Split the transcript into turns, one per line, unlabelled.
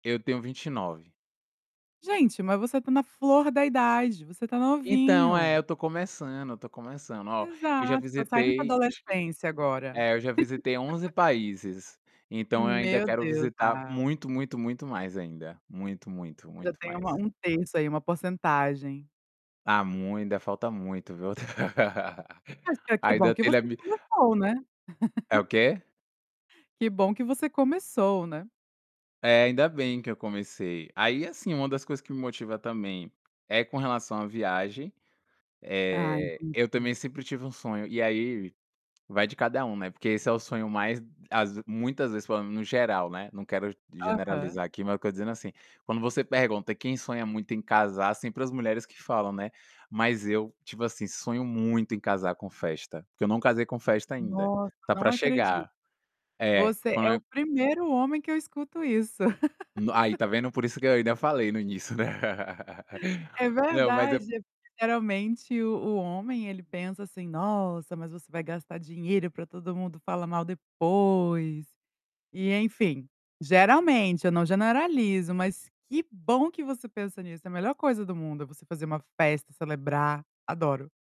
Eu tenho 29.
Gente, mas você tá na flor da idade, você tá
Então, é,
novinho.
eu estou começando, eu estou começando. Ó, eu já
Exato, tá saíndo da
visitei, acho que
adolescência agora.
é, eu já visitei 11 países. Então eu ainda
Meu
quero
Deus,
visitar
ai
muito, muito, muito mais, ainda. Muito, muito,
Já
muito
tem uma
mais.
um terço aí, uma porcentagem.
Ah, mui ainda falta muito, viu,
Ah, si que bom
Ainda
que
telha
você
mi
começou, né?
É o quê?
Que bom que você começou, né?
É, ainda bem que eu comecei. Aí assim, uma das coisas que me motiva também, é com relação à viagem.
Ah,
Eh, eu
entendi.
também sempre tive um sonho, e aí, vai de cada um, né, porque esse é o sonho mais às vez muitas vezes falando no geral, né, não quero
Aham.
generalizar aqui, mas q eu estou dizendo, assim, quando você pergunta quem sonha muito em casar, sempre as mulheres que falam, né. Mas eu, tipo assim, sonho muito em casar com festa, porque eu não casei com festa ainda.
Nossa,
Tá
não
pra
acredito.
chegar. É,
Você é o
quan
primeiro homem que eu escuto isso.
No aí, tá vendo? Por isso que eu ainda falei no início, né.
É
Não, mas é
verdade. Geralmente, o o homem, ele pensa assim: "Nossa, mas você vai gastar dinheiro pra todo mundo falar mal depois". E enfim, geralmente, eu não generalizo, mas que bom que você pensa nisso, é a melhor coisa do mundo, é você fazer uma festa, celebrar. Adoro.